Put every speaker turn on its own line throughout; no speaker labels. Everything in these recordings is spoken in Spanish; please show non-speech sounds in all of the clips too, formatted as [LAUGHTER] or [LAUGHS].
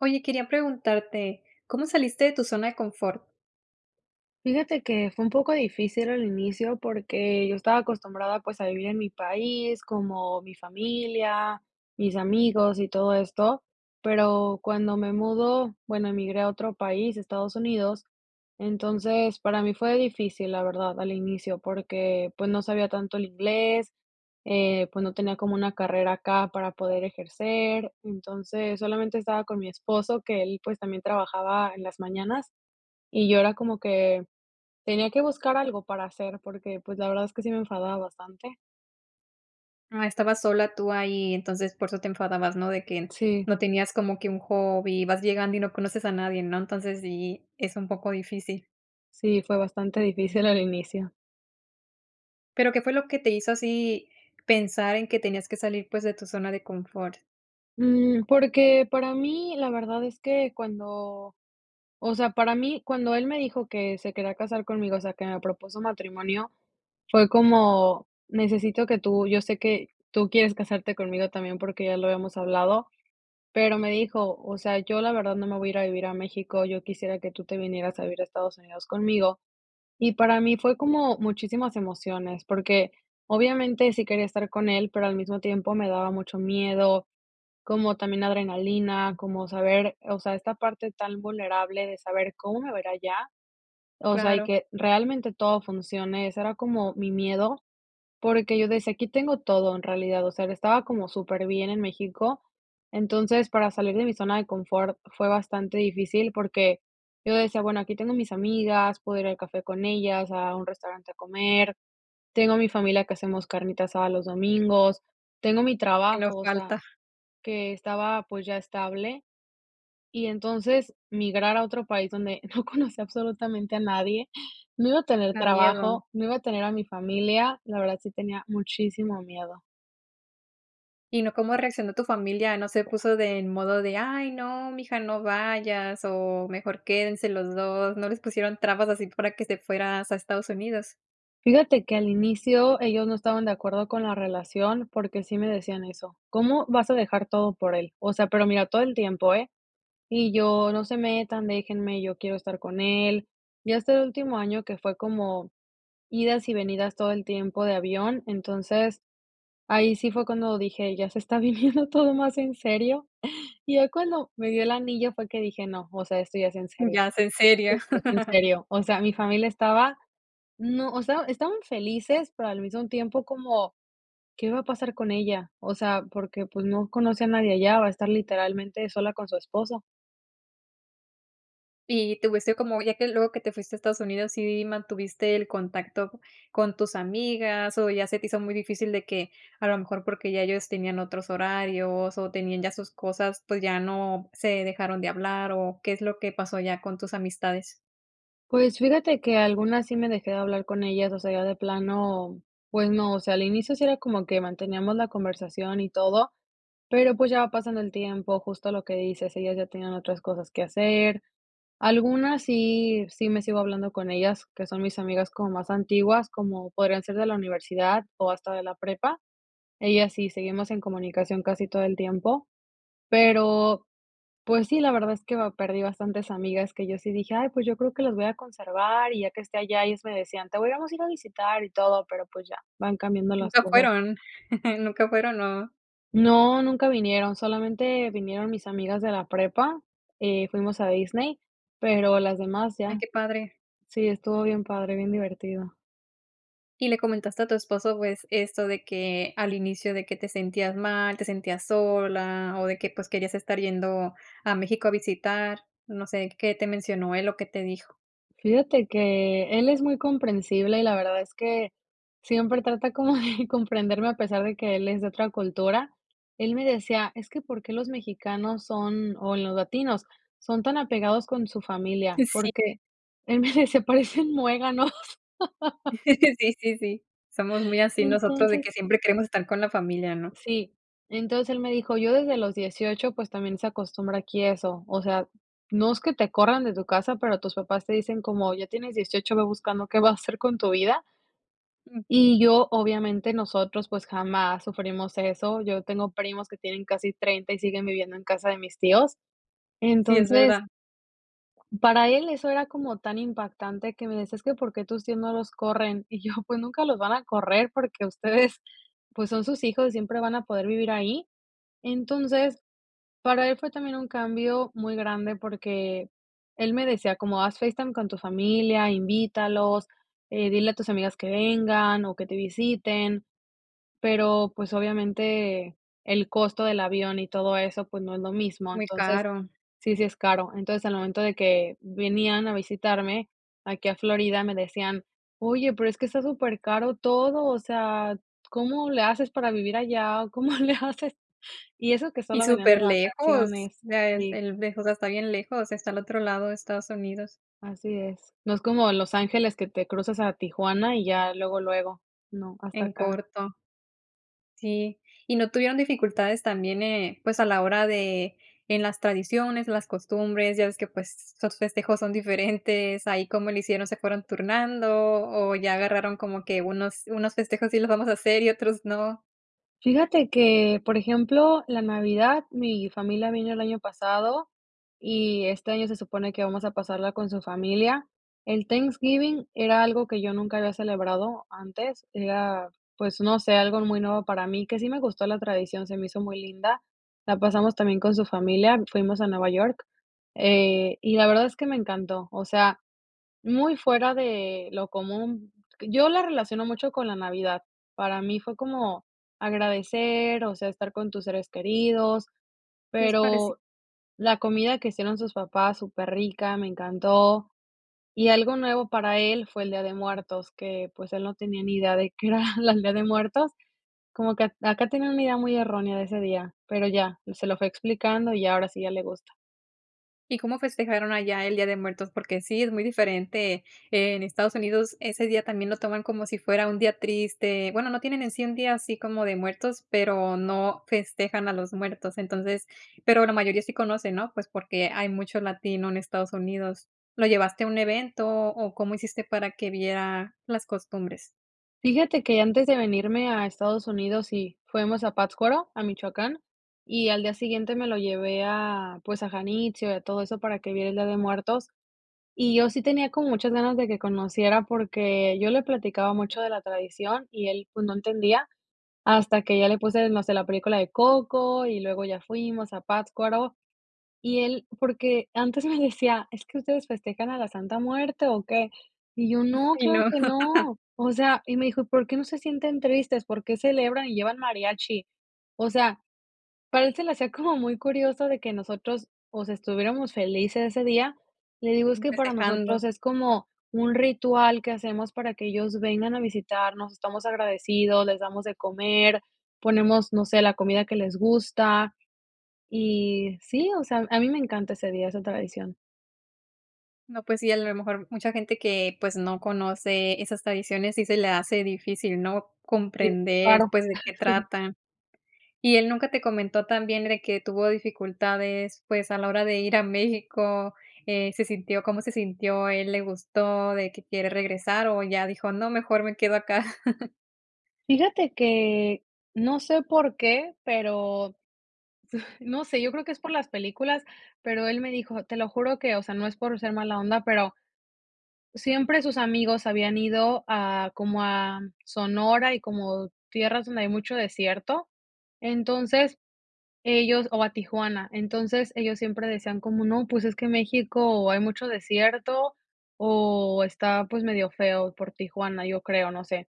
Oye, quería preguntarte, ¿cómo saliste de tu zona de confort?
Fíjate que fue un poco difícil al inicio porque, yo estaba acostumbrada pues a vivir en mi país, como mi familia, mis amigos y todo esto, pero, cuando me mudo, bueno, emigré a otro país, Estados Unidos, entonces para mí fue difícil la verdad al inicio porque, pues, no sabía tanto el inglés, eh, pues, no tenía como una carrera acá para poder ejercer, entonces solamente estaba con mi esposo que él pues, también trabajaba en las mañanas y yo era como que tenía que buscar algo para hacer porque pues la verdad es que sí me enfadaba bastante.
Ah, estabas sola tú ahí, entonces, por eso te enfadabas, ¿no? De que
Sí.
no tenías como que un hobby, vas llegando y no conoces a nadie, ¿no? Entonces sí, es un poco difícil.
Sí. Sí, fue bastante difícil al inicio.
Pero, ¿qué fue lo que te hizo así pensar en que tenías que salir, pues, de tu zona de confort?
Mm, porque, para mí la verdad es que cuando, o sea, para mí cuando él me dijo que se quería casar conmigo, o sea, que me propuso matrimonio, fue como necesito que tú, yo sé que tú quieres casarte conmigo también, porque ya lo habíamos hablado, pero me dijo: "O sea, yo la verdad no me voy a ir a vivir a México, yo quisiera que tú te vinieras a vivir a Estados Unidos conmigo". Y para mí fue como muchísimas emociones, porque, obviamente sí quería estar con él, pero al mismo tiempo me daba mucho miedo, como también adrenalina, como saber, eh, o sea, esta parte tan vulnerable de saber, ¿cómo me va a ir allá? O sea, y
Claro.
que realmente todo funcione. Ese era como mi miedo porque yo decía aquí tengo todo en realidad, o sea, estaba como superbién en México. Entonces, para salir de mi zona de confort fue bastante difícil, porque, yo decía, bueno, aquí tengo mis amigas, puedo ir al café con ellas, a un restaurante a comer, tengo a mi familia que hacemos carnita asada los domingos, tengo mi
Que no
trabajo, o sea,
falta.
que estaba, pues, ya estable. Y entonces migrar a otro país donde no conocía absolutamente a nadie, no iba a tener
Da miedo.
trabajo, no iba a tener a mi familia. La verdad, sí tenía muchísimo miedo.
Y no, ¿cómo reaccionó tu familia? ¿No se puso de en modo de: "Ay no, mi hija, no vayas o mejor quédense los 2", ¿no les pusieron trabas así, para que te fueras a Estados Unidos?
Fíjate que al inicio ellos no estaban de acuerdo con la relación porque sí me decían eso: "¿Cómo vas a dejar todo por él?". O sea, pero mira todo el tiempo, ¿eh? Y yo: "No se metan, déjenme, yo quiero estar con él". Ya este último año que fue como idas y venidas todo el tiempo de avión, entonces ahí sí fue cuando dije: [CHUCKLES] "Ya se está viviendo todo más en serio". Y ya cuando me dió el anillo fue que dije: "No, o sea, esto ya es en serio,
Ya es en serio.
sí, es en
[CHUCKLES]
serio". O sea, mi familia estaba, no, o sea, estaban felices, pero al mismo tiempo como: "¿Qué va a pasar con ella?", o sea, porque, pues, no conoce a nadie allá, va a estar literalmente sola con su esposo.
Y te hubiese como, ya que luego que te fuiste a Estados Unidos, ¿sí mantuviste el contacto con tus amigas o ya se te hizo muy difícil de que, a lo mejor, porque ya ellos tenían otros horarios o tenían ya sus cosas, pues ya no se dejaron de hablar o qué es lo que pasó ya con tus amistades?
Pues fíjate que algunas sí me dejé de hablar con ellas, o sea, ya de plano, pues no, o sea, al inicio si era como que manteníamos la conversación y todo, pero pues ya va pasando el tiempo justo lo que dices, ellas ya tienen otras cosas que hacer. Algunas sí, sí me sigo hablando con ellas, que son mis amigas como más antiguas, como podrían ser de la universidad o hasta de la prepa. Ellas sí, seguimos en comunicación casi todo el tiempo, pero pues sí, la verdad es que perdí, ah bastantes amigas que yo sí dije: "Ay pues yo creo que los voy a conservar y ya que esté allá", y ellas me decían: "Te vamos a ir a visitar y todo", pero pues ya van cambiando las
¿Nunca
cosas.
fueron? [CHUCKLES] nunca fueron, ¿no?
No, nunca vinieron. Solamente vinieron mis amigas de la prepa, eh, fuimos a Disney, pero las demás
Ay,
ya.
qué padre.
Sí, estuvo bien padre, bien divertido.
Y le comentaste a tu esposo, pues, esto de que al inicio de que te sentías mal, te sentías sola, o de que, pues, querías estar yendo a México a visitar, no sé, ¿qué te mencionó él o qué te dijo?
Fíjate que él es muy comprensible y la verdad es que siempre trata como de [CHUCKLES] comprenderme a pesar de que él es de otra cultura. Él me decía: "Es que ¿por qué los mexicanos son, o los latinos son tan apegados con su familia? ¿Por
Sí.
qué?", él me dice: "Parecen muéganos". [LAUGHS]
[CHUCKLES] Sí, sí, sí. Somos muy
Y
así nosotros de
entonces
que siempre queremos estar con la familia, ¿no?
Sí, entonces él me dijo yo desde los 18, pues también se acostumbra aquí eso, o sea, no es que te corran de tu casa, pero tus papás te dicen como ya tienes 18, ve buscando qué vas a hacer con tu vida
Mm.
y yo obviamente nosotros, pues jamás sufrimos eso, yo tengo primos que tienen casi 30 y siguen viviendo en casa de mis tíos.
Sí, es
Entonces
verdad.
Para él eso era como tan impactante que me decía: "Es que, ¿por qué tus tíos no los corren?", y yo, pues nunca los van a correr porque ustedes pues son sus hijos, siempre van a poder vivir ahí. Entonces, para él fue también un cambio muy grande, porque él me decía como: "Haz FaceTime con tu familia, invítalos, eh, dile a tus amigas que vengan o que te visiten", pero pues obviamente el costo del avión y todo eso, pues no es lo mismo,
Muy
entonces,
caro.
sí, sí es caro, entonces, al momento de que venían a visitarme aquí a Florida, me decían: "Oye, pero es que está supercaro todo, o sea, ¿cómo le haces para vivir allá o cómo le hacen?", y eso que
Y
solo venían de
superlejos.
vacaciones,
Ya es
sí.
el lejos, está bien lejos, está el otro lado de Estados Unidos.
Así es, no es como de Los Ángeles que te cruzas a Tijuana y ya luego, luego. No, hasta
En
acá.
corto. Sí. ¿Y no tuvieron dificultades también? Eh, pues, a la hora de en las tradiciones, las costumbres, ya ves que, pues, sus festejos son diferentes, ¿ahí cómo lo hicieron, se fueron turnando o ya agarraron como que unos unos festejos sí los vamos a hacer y otros no?
Fíjate que, por ejemplo, la Navidad, mi familia vino el año pasado y este año se supone que vamos a pasarla con su familia. El Thanksgiving era algo que yo nunca había celebrado antes. Era, pues, no sé, algo muy nuevo para mí que sí me gustó la tradición, se me hizo muy linda. La pasamos también con su familia, fuimos a Nueva York, eh, y la verdad es que me encantó, o sea, muy fuera de lo común. Yo la relaciono mucho con la Navidad, para mí fue como agradecer, o sea, estar con tus seres queridos,
Sí, es pareci
pero la comida que hicieron sus papás, superrica, me encantó. Y algo nuevo para él fue el Día de Muertos, que pues él no tenía ni idea de [CHUCKLES] qué era la el Día de Muertos, como que t acá tienen una idea muy errónea de ese día, pero ya se lo fui explicando y ahora sí ya le gusta.
¿Y cómo festejaron allá el Día de Muertos? Porque sí, es muy diferente, en Estados Unidos ese día también, lo toman como si fuera un día triste, bueno, no tienen en sí un día así como de muertos, pero, no festejan a los muertos, entonces, pero, la mayoría sí conoce, ¿no? Pues porque, hay mucho latino en Estados Unidos, ¿lo llevaste a un evento o cómo hiciste para que viera las costumbres?
Fíjate que antes de venirme a Estados Unidos y fuimos a Pátzcuaro, a Michoacán y al día siguiente me lo llevé a, pues a Janitzio y a todo eso para que viera el Día de Muertos. Y yo sí tenía como muchas ganas de que conociera, porque, yo le platicaba mucho de la tradición y él, pues no entendía, hasta que ya le puse más de la película de Coco y luego ya fuimos a Pátzcuaro, y él porque, antes me decía: "¿Es que ustedes festejan a la Santa Muerte o qué?", y yo no,
Ay,
claro
no.
que
[LAUGHS]
no. O sea, y me dijo: "¿Por qué, no se sienten tristes? ¿Por qué celebran y llevan mariachi?" O sea, para él se le hacía como [CHUCKLES] muy curioso de que nosotros estuviéramos felices ese día. Le digo, es que para
Festejando.
nosotros es como un ritual que hacemos para que ellos vengan a visitarnos. Estamos agradecidos, les damos de comer, ponemos, no sé, la comida que les gusta, y sí, o sea, a mí me encanta ese día, esa tradición.
No, pues sí, a lo mejor, mucha gente que, pues, no conoce esas tradiciones sí se le hace difícil, ¿no?
Sí,
Comprender,
claro.
pues, de
[CHUCKLES]
qué
Sí.
trata. ¿Y él nunca te comentó también de que tuvo dificultades, pues, a la hora de ir a México? Eh, ¿se sintió cómo se sintió? ¿Él le gustó de que quiere regresar o ya dijo no, mejor me quedo acá? [LAUGHS]
Fíjate que no sé por qué, pero [CHUCKLES] no sé, yo creo que es por las películas, pero él me dijo te lo juro que, o sea, no es por ser mala onda, pero, siempre sus amigos habían ido a, como a Sonora y como tierras donde hay mucho desierto. Entonces, ellos o a Tijuana, entonces, ellos siempre decían como no, pues, es que México hay mucho desierto o está, pues, medio feo por Tijuana, yo creo, no sé.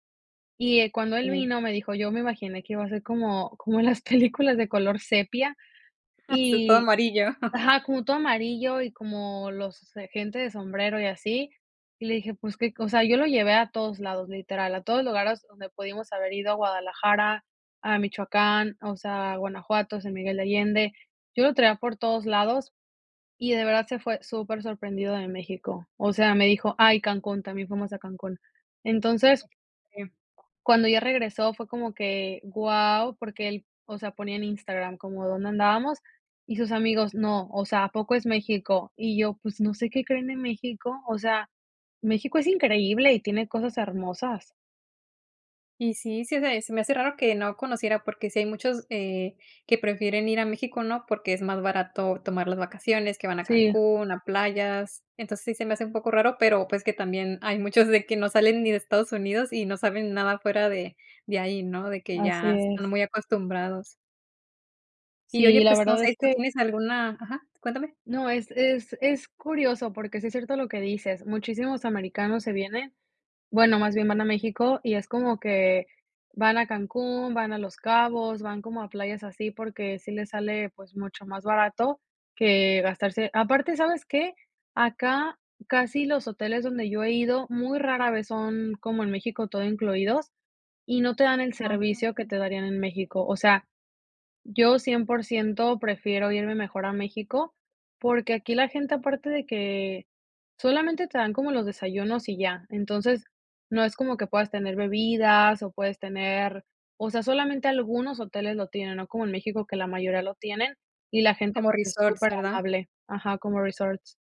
Y, eh, cuando él
Sí.
vino me dijo: "Yo me imaginé que iba a ser como como las películas de color sepia",
Sí, todo
y
amarillo.
ajá, como todo amarillo y como los, eh, gente de sombrero y así, y le dije, pues, que o sea, yo lo llevé a todos lados, literal, a todos lugares donde pudimos haber ido a Guadalajara, a Michoacán, o sea, a Guanajuato, a San Miguel de Allende. Yo lo traía por todos lados y de verdad se fue súper sorprendido de México. O sea, me dijo ah, y y Cancún, también fuimos a Cancún. Entonces
Em
cuando ella regresó fue como que guau, porque él, o sea, ponía en Instagram como dónde andábamos y sus amigos, no, o sea, ¿a poco es México? Y yo, pues, ¿no sé qué creen de México? O sea, México es increíble y tiene cosas hermosas.
Y sí, se me se me hace raro que no conociera, porque, si hay muchos, eh, que prefieren ir a México, ¿no? Porque, es más barato tomar las vacaciones, que van a
Sí.
Cancún, a playas. Entonces, sí se me hace un poco raro, pero, pues, que también hay muchos de que no salen ni de Estados Unidos y no saben nada fuera de de ahí, ¿no?, de que
Así
ya están
es.
muy acostumbrados. Y oye,
Sí, la
pues, no
verdad es
sé, ¿tú
que
tienes alguna? Ajá, cuéntame.
no, es es es curioso, porque, sí es cierto lo que dices. Muchísimos americanos se vienen, bueno, más bien van a México, y es como que van a Cancún, van a Los Cabos, van como a playas así porque, sí les sale, pues, mucho más barato que gastarse aparte, ¿sabes qué? acá casi los hoteles donde yo he ido muy rara vez son como en México todo incluidos y no te dan el
Ajá,
servicio que
sí.
te darían en México. O sea, yo 100% prefiero irme mejor a México, porque, aquí la gente aparte de que solamente te dan como los desayunos y ya. Entonces, no es como que puedas tener bebidas o puedes tener o sea, solamente algunos hoteles lo tienen, no como en México, que la mayoría lo tienen y la gente,
Como
pues, es
resorts,
súper
¿verdad?
amable. Ajá, como resorts.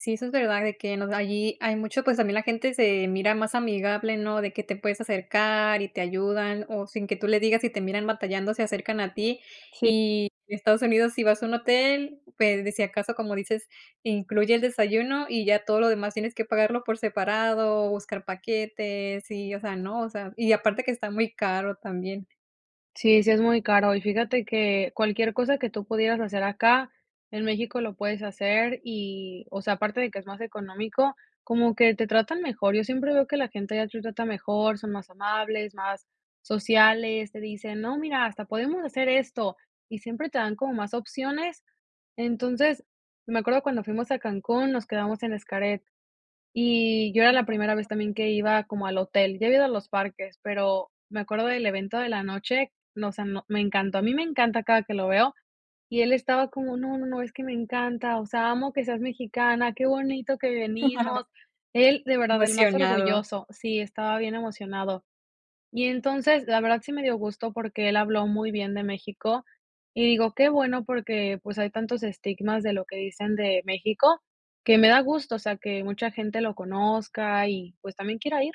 Sí, eso es verdad, de que nos allí hay mucho, pues, también la gente se mira más amigable, ¿no? De que te puedes acercar y te ayudan o sin que tú le digas, si te miran batallando, se acercan a ti.
Sí.
Y Estados Unidos, si vas a un hotel, pues, de si acaso, como dices, incluye el desayuno y ya todo lo demás tienes que pagarlo por separado, buscar paquetes y, o sea, no, o sea, y aparte que está muy caro también.
Sí, sí es muy caro, y fíjate que cualquier cosa que tú pudieras hacer acá, en México lo puedes hacer y, o sea, aparte de que es más económico, como que te tratan mejor. Yo siempre veo que la gente de allá te trata mejor, son más amables, más sociales, te dicen: "No, mira, hasta podemos hacer esto", y siempre te dan como más opciones. Entonces, me acuerdo cuando fuimos a Cancún, nos quedamos en Xcaret y yo era la primera vez
[UNINTELLIGIBLE]
también que iba como al hotel. Ya había ido a los parques, pero me acuerdo del evento de la noche, no, o sea, no, me encantó, a mí me encanta cada que lo veo y él estaba como: "No, no, no, es que me encanta, o sea, amo que seas mexicana, qué bonito que
[CHUCKLES]
venimos". Él, de verdad, el más
Emocionado.
orgulloso, sí, estaba bien emocionado. Y entonces, la verdad, sí me dió gusto porque él habló muy bien de México, y digo qué bueno, porque, pues, hay tantos estigmas de lo que dicen de México que me da gusto, o sea, que mucha gente lo conozca y, pues, también quiera ir.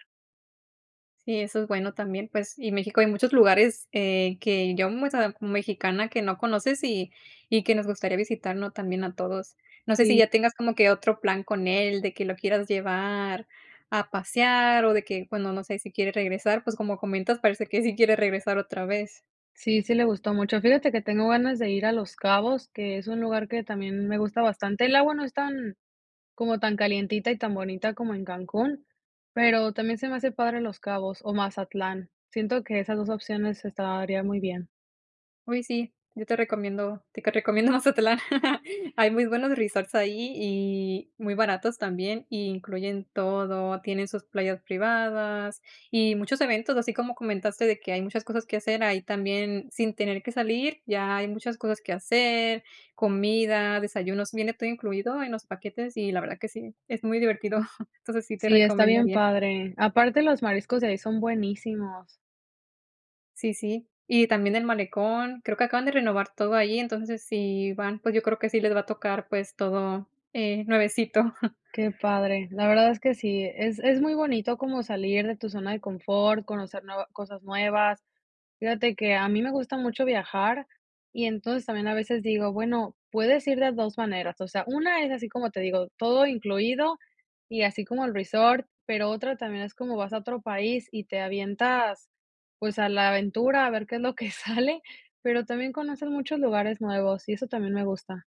Sí, eso es bueno también, pues, y México hay muchos lugares, eh, que, yo m o sea, mexicana, que no conoces y y que nos gustaría visitar, ¿no?, también a todos, no sé, si
Sí.
ya tengas como que otro plan con él, de que lo quieras llevar a pasear o de que, bueno, no sé, si quiere regresar, pues, como comentas parece que sí quiere regresar otra vez.
Sí, sí le gustó mucho, fíjate que tengo ganas de ir a Los Cabos, que es un lugar que también me gusta bastante, el agua no es tan como tan calientita y tan bonita como en Cancún, pero también se me hace padre Los Cabos o Mazatlán, siento que esas 2 opciones estaría muy bien.
Uy, sí, yo te recomiendo, te que recomiendo Mazatlán hay muy buenos resorts ahí y muy baratos también, y incluyen todo, tienen sus playas privadas y muchos eventos, así como comentaste de que hay muchas cosas que hacer, ahí también sin tener que salir, ya hay muchas cosas que hacer, comida, desayunos, viene todo incluido en los paquetes y la verdad que sí, es muy divertido, [GIGGLES] entonces, sí te
Sí, está bien
recomendaría.
padre, aparte, los mariscos de ahí son buenísimos.
Sí sí, y también el malecón, creo que acaban de renovar todo ahí, entonces si van, pues, yo creo que sí les va a tocar, pues todo, eh, nuevecito. [CHUCKLES]
Qué padre, la verdad es que sí, es es muy bonito como salir de tu zona de confort, conocer nuevas cosas nuevas. Fíjate que a mí me gusta mucho viajar y entonces también, a veces digo, bueno puedes ir de 2 maneras, o sea, 1 es así como te digo, todo incluido y así como el resort, pero, otra también es como vas a otro país y te avientas, pues, a la aventura a ver qué es lo que sale, pero, también conocer muchos lugares nuevos y eso también me gusta.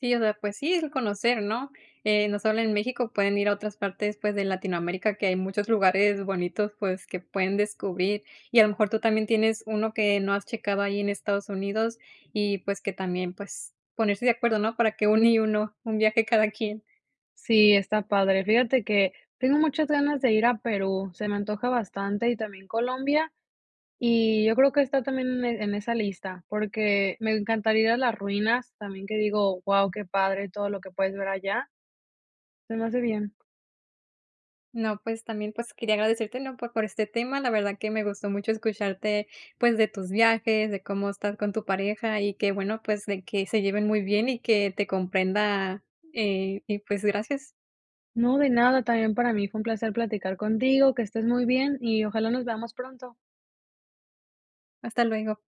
Sí, o sea, pues sí, es conocer, ¿no? Eh, no solo en México, pueden ir a otras partes, pues, de Latinoamérica, que hay muchos lugares bonitos, pues, que pueden descubrir. Y a lo mejor tú también tienes 1 que no has checado ahí en Estados Unidos, y pues, que también, pues ponerse de acuerdo, ¿no? Para que uno y uno, 1 viaje cada quien.
Sí, está padre. Fíjate que tengo muchas ganas de ir a Perú, se me antoja bastante y también Colombia. Y yo creo que está también en en esa lista, porque, me encantaría ir a las ruinas, también que digo, guau, qué padre todo lo que puedes ver allá se me hace bien.
No, pues también, pues, quería agradecértelo, por por este tema. La verdad que me gustó mucho escucharte, pues, de tus viajes, de cómo estás con tu pareja y que, bueno, pues, de que se lleven muy bien y que te comprenda, eh, y pues, gracias.
No, de nada, también para mí fue un placer platicar contigo, que estés muy bien, y ojalá nos veamos pronto.
Hasta luego.